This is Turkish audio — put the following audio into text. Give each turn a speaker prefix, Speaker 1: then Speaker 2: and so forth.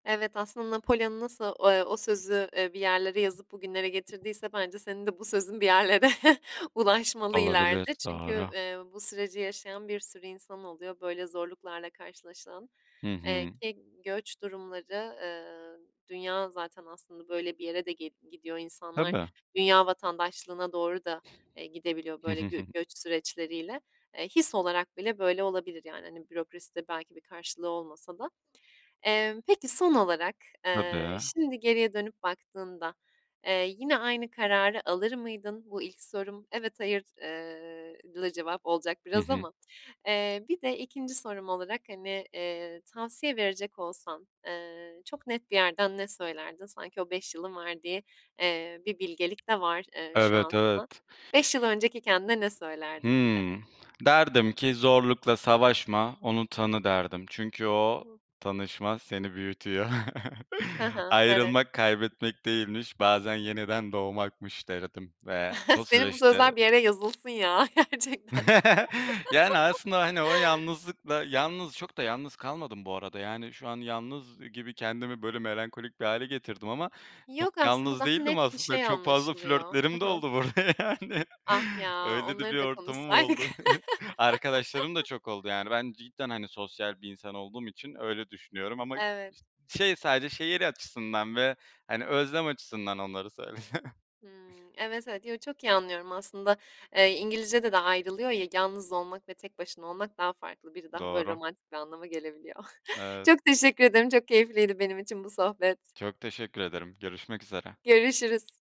Speaker 1: Evet, aslında Napolyon nası o eee, o sözü, eee, bir yerlere yazıp bugünlere getirdiyse bence senin de bu sözün bir yerlere ulaşmalı
Speaker 2: Olabilir,
Speaker 1: ileride çünkü,
Speaker 2: doğru.
Speaker 1: eee, bu süreci yaşayan bir sürü insan oluyor böyle zorluklarla karşılaşılan.
Speaker 2: Hı
Speaker 1: Eee,
Speaker 2: hı.
Speaker 1: ki göç durumları, eee, dünya zaten aslında böyle bir yere de gid gidiyor, insanlar
Speaker 2: Tabii.
Speaker 1: dünya vatandaşlığına doğru da, eee, gidebiliyor
Speaker 2: Hı
Speaker 1: böyle
Speaker 2: hı, hı
Speaker 1: gö
Speaker 2: hı.
Speaker 1: göç süreçleriyle. Eee, his olarak bile böyle olabilir yani, hani, bürokraside belki bir karşılığı olmasa da. Emm, peki, son olarak, eee,
Speaker 2: Tabii.
Speaker 1: şimdi geriye dönüp baktığında, eee, yine aynı kararı alır mıydın? Bu ilk sorum. Evet, hayır, eee, lıı, cevap olacak
Speaker 2: Hı
Speaker 1: biraz
Speaker 2: hı.
Speaker 1: ama, eee, bir de 2'nci sorum olarak, hani, eee, tavsiye verecek olsan, eee, çok net bir yerden ne söylerdin? Sanki o 5 yılın verdiği, eee, bir bilgelik de var, eee, şu
Speaker 2: Evet,
Speaker 1: an
Speaker 2: evet.
Speaker 1: [unintelligible] 5 yıl önceki kendine ne söylerdin bir de?
Speaker 2: Hımm. Derdim ki: "Zorlukla savaşma, onu tanı." derdim. Çünkü o tanışma seni büyütüyor.
Speaker 1: Ha ha, evet.
Speaker 2: "Ayrılmak, kaybetmek değilmiş. Bazen yeniden doğmakmış." derdim ve o
Speaker 1: Senin bu
Speaker 2: süreçte
Speaker 1: sözler bir yere yazılsın ya, gerçekten.
Speaker 2: Yani, aslında, hani, o yalnızlıkla yalnız çok da yalnız kalmadım bu arada. Yani şu an yalnız gibi kendimi böyle melankolik bir hâle getirdim ama çok
Speaker 1: Yok, aslında
Speaker 2: yalnız
Speaker 1: daha
Speaker 2: değildim
Speaker 1: net bir
Speaker 2: aslında.
Speaker 1: şey
Speaker 2: Çok fazla
Speaker 1: anlaşılıyor. Hı
Speaker 2: flörtlerim de
Speaker 1: hı.
Speaker 2: oldu burada yani.
Speaker 1: Ah ya,
Speaker 2: Öyle de bir
Speaker 1: onları da
Speaker 2: ortamım
Speaker 1: konuşsaydık.
Speaker 2: oldu. Arkadaşlarım da çok oldu yani ben cidden, hani, sosyal bir insan olduğum için öyle düşünüyorum ama
Speaker 1: Evet.
Speaker 2: ş şey sadece şehir açısından ve, hani, özlem açısından onları söyledim.
Speaker 1: Hımm. Evet, evet. Yo, çok iyi anlıyorum aslında .Eee, İngilizcede de ayrılıyor ya, yalnız olmak ve tek başına olmak daha farklı. Biri daha böyle
Speaker 2: Doğru.
Speaker 1: romantik bir anlama gelebiliyor.
Speaker 2: Evet.
Speaker 1: Çok teşekkür ederim, çok keyifliydi benim için bu sohbet.
Speaker 2: Çok teşekkür ederim. Görüşmek üzere.
Speaker 1: Görüşürüz.